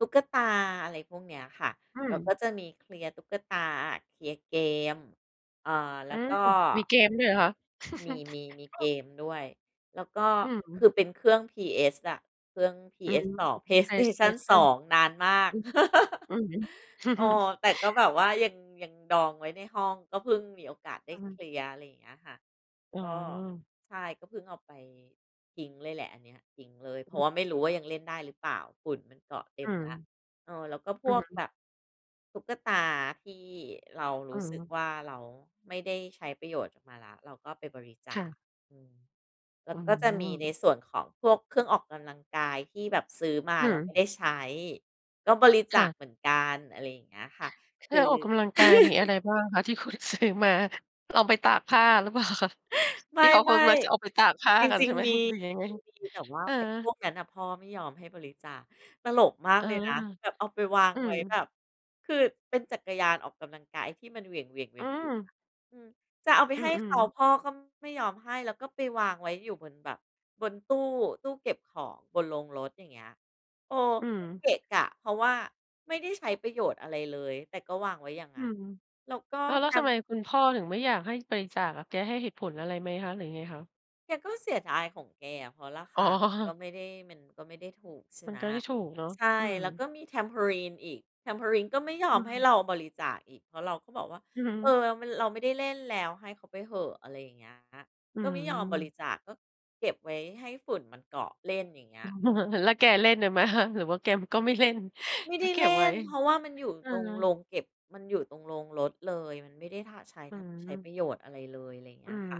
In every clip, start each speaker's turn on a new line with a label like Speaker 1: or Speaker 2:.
Speaker 1: ตุ๊กตา อะไรพวกเนี้ยค่ะ
Speaker 2: อื
Speaker 1: แล
Speaker 2: ม
Speaker 1: ้วก็จะมีเคลียร์ตุ๊กตา เคลียร์เกม อ่า แ
Speaker 2: อ
Speaker 1: ล้
Speaker 2: ื
Speaker 1: ว
Speaker 2: ม
Speaker 1: ก็
Speaker 2: มีเกมด้วยเหรอคะ?
Speaker 1: มี ๆ มี
Speaker 2: อ
Speaker 1: เ
Speaker 2: ื
Speaker 1: ก
Speaker 2: อ
Speaker 1: มด้วย แล้วก็
Speaker 2: อื
Speaker 1: คื
Speaker 2: ม
Speaker 1: อเป็นเครื่อง PS อะ เครื่อง
Speaker 2: อือ
Speaker 1: PS2 PlayStation2
Speaker 2: PlayStation
Speaker 1: นานมา
Speaker 2: อ
Speaker 1: ก
Speaker 2: ือ อือฮึ
Speaker 1: เออ แต่ก็แบบว่ายัง ยังดองไว้ในห้อง ก็เพิ่งมีโอกาสได้
Speaker 2: อื
Speaker 1: เค
Speaker 2: อ
Speaker 1: ลียร์ อะไรอย่างเงี้ยค่ะ
Speaker 2: อ๋
Speaker 1: ก็
Speaker 2: อ
Speaker 1: ใช่ ก็เพิ่งเอาไป ทิ้งเลยแหละ อันเนี้ยทิ้งเลย เพร
Speaker 2: อ
Speaker 1: าะว
Speaker 2: ือ
Speaker 1: ่าไม่รู้ว่ายังเล่นได้หรือเปล่า ฝุ่นมันเกาะเต
Speaker 2: อ
Speaker 1: ็
Speaker 2: ื
Speaker 1: มแล้ว
Speaker 2: ม
Speaker 1: เออ แล้วก็พ
Speaker 2: อื
Speaker 1: ว
Speaker 2: อ
Speaker 1: ก
Speaker 2: ฮึ
Speaker 1: แบบ ตุ๊กตาที่เราร
Speaker 2: อื
Speaker 1: ู้สึก
Speaker 2: ม
Speaker 1: ว่าเราไม่ได้ใช้ประโยชน์จากมันแล้ว เราก็ไปบริจ
Speaker 2: ค
Speaker 1: า
Speaker 2: ่
Speaker 1: ค
Speaker 2: ะ
Speaker 1: อือ แล
Speaker 2: อ
Speaker 1: ้
Speaker 2: ื
Speaker 1: วก็จะมีใ
Speaker 2: ม
Speaker 1: นส่วนของพวกเครื่องออกกำลังกายที่แบบซื้อมา
Speaker 2: อื
Speaker 1: แล้วไม
Speaker 2: ม
Speaker 1: ่ได้ใช้ ก็บริจ
Speaker 2: ค่
Speaker 1: าค
Speaker 2: ะ
Speaker 1: เหมือนกัน อะไรอย่างเงี้ยค่ะ ค
Speaker 2: ถ้า
Speaker 1: ือ
Speaker 2: ออกกำลังกาย มีอะไรบ้างคะ ที่คุณซื้อมา เอาไปตากผ้า หรือเปล่าคะ?
Speaker 1: ไ
Speaker 2: ที่เขาค
Speaker 1: ม่
Speaker 2: งมักจะเอาไปตากผ้า
Speaker 1: ๆ จ
Speaker 2: กัน
Speaker 1: ริ
Speaker 2: ใช
Speaker 1: ง
Speaker 2: ่ไหม
Speaker 1: ๆ มี
Speaker 2: หรือยังไง?
Speaker 1: จริง ๆ มี แต่ว่า
Speaker 2: เอ
Speaker 1: ไอ้พ
Speaker 2: อ
Speaker 1: วกนั้นน่ะพ่อไม่ยอมให้บริจาค ตลกมา
Speaker 2: เ
Speaker 1: ก
Speaker 2: ออ
Speaker 1: เลยนะ แบบเอาไปวาง
Speaker 2: อื
Speaker 1: ไว้แ
Speaker 2: ม
Speaker 1: บบ คือเป็นจักรยานออกกำลังกายไอ้ที่มันเหวี่ยง ๆ เหว
Speaker 2: อื
Speaker 1: ี่ยง
Speaker 2: ม
Speaker 1: ๆ อะ อือ จะเอาไป
Speaker 2: อื
Speaker 1: ให้เข
Speaker 2: อ
Speaker 1: า
Speaker 2: ๆ
Speaker 1: พ่อก็ไม่ยอมให้ แล้วก็ไปวางไว้อยู่บนแบบบนตู้ ตู้เก็บของบนโรงรถ อย่างเงี้ย เออ
Speaker 2: อื
Speaker 1: ก็
Speaker 2: ม
Speaker 1: เกะกะ เพราะว่าไม่ได้ใช้ประโยชน์อะไรเลย แต่ก็วางไว้อย่างง
Speaker 2: อื
Speaker 1: ั้น
Speaker 2: ม
Speaker 1: แล้วก็
Speaker 2: อ้าว แล้
Speaker 1: ท
Speaker 2: วทำไม
Speaker 1: ำ
Speaker 2: คุณพ่อถึงไม่อยากให้บริจาคอะ แกให้เหตุผลอะไรไหมคะ หรือยังไงคะ?
Speaker 1: แกก็เสียดายของแกอะ เพราะราค
Speaker 2: อ๋
Speaker 1: าก็
Speaker 2: อ
Speaker 1: ไม่ได้ มันก็ไม่ได้ถูก ใช่
Speaker 2: มั
Speaker 1: ไ
Speaker 2: น
Speaker 1: หม
Speaker 2: ก็ไม่ถูกเนาะ
Speaker 1: ใช่
Speaker 2: อืม
Speaker 1: แล้วก็มี Trampoline อีก Trampoline ก็ไม่ย
Speaker 2: อ
Speaker 1: อ
Speaker 2: ื
Speaker 1: มให้
Speaker 2: ม
Speaker 1: เราบริจาคอีก เพราะเราก็บอกว่า
Speaker 2: อือฮ
Speaker 1: "เอ
Speaker 2: ึ
Speaker 1: อ เรา ม เราไม่ได้เล่นแล้ว ให้เขาไปเหอะ" อะไรอย่างเงี้ย
Speaker 2: อื
Speaker 1: ก็ไม่ยอมบ
Speaker 2: ม
Speaker 1: ริจาค ก็เก็บไว้ให้ฝุ่นมันเกาะเล่น อย่างเงี้ย อือ
Speaker 2: แล้วแกเล่นด้วยไหมคะ หรือว่าแกก็ไม่เล่น?
Speaker 1: ไม่
Speaker 2: ก
Speaker 1: ได
Speaker 2: ็
Speaker 1: ้
Speaker 2: เก็
Speaker 1: เล
Speaker 2: บ
Speaker 1: ่
Speaker 2: ไว้
Speaker 1: น เพราะว่ามันอยู่
Speaker 2: เอ
Speaker 1: ตรงโร
Speaker 2: อ
Speaker 1: งเก็บ มันอยู่ตรงโรงรถเลย มันไม่ได้ ท ใช้
Speaker 2: อื
Speaker 1: ทำ ใช้ป
Speaker 2: ม
Speaker 1: ระโยชน์อะไรเลย อะไรอย่างเง
Speaker 2: อื
Speaker 1: ี้ย
Speaker 2: ม
Speaker 1: ค่ะ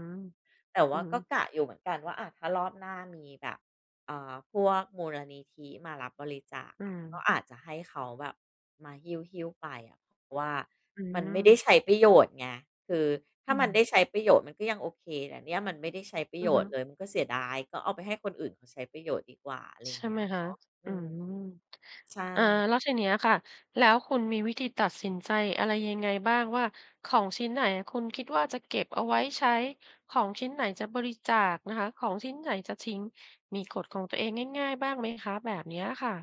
Speaker 1: แต่
Speaker 2: อ
Speaker 1: ว
Speaker 2: ื
Speaker 1: ่า
Speaker 2: ม
Speaker 1: ก็กะอยู่เหมือนกันว่า อา ถ้ารอบหน้ามีแบบ อ่า พวกมูลนิธิมารับบริจาค
Speaker 2: อื
Speaker 1: อะ ก็
Speaker 2: ม
Speaker 1: อาจจะให้เขาแบบมาหิ้ว ๆ ไปอะ เพราะว่า
Speaker 2: อื
Speaker 1: มันไม่ได้
Speaker 2: ม
Speaker 1: ใช้ประโยชน์ไง คือถ้
Speaker 2: อ
Speaker 1: า
Speaker 2: ื
Speaker 1: มัน
Speaker 2: ม
Speaker 1: ได้ใช้ประโยชน์มันก็ยังโอเคแต่เนี่ยมันไม่ได้ใช้ประ
Speaker 2: อ
Speaker 1: โ
Speaker 2: ื
Speaker 1: ย
Speaker 2: อฮึ
Speaker 1: ชน์เลยมันก็เสียดาย ก็เอาไปให้คนอื่นเขาใช้ประโยชน์ดีกว่า อะไรอย
Speaker 2: ใช
Speaker 1: ่า
Speaker 2: ่
Speaker 1: งเงี
Speaker 2: ไ
Speaker 1: ้
Speaker 2: หม
Speaker 1: ย
Speaker 2: ค
Speaker 1: เน
Speaker 2: ะ
Speaker 1: าะ อ
Speaker 2: อื
Speaker 1: ือ
Speaker 2: ม
Speaker 1: ใช
Speaker 2: อา
Speaker 1: ่
Speaker 2: แล้วทีเนี้ยค่ะ แล้วคุณมีวิธีตัดสินใจอะไรยังไงบ้างว่า ของชิ้นไหนคุณคิดว่าจะเก็บเอาไว้ใช้ ของชิ้นไหนจะบริจาคนะคะ ของชิ้นไหนจะทิ้ง มีกฎของตัวเองง่าย ๆ บ้างไหมคะ? แบบเนี้ยค่ะ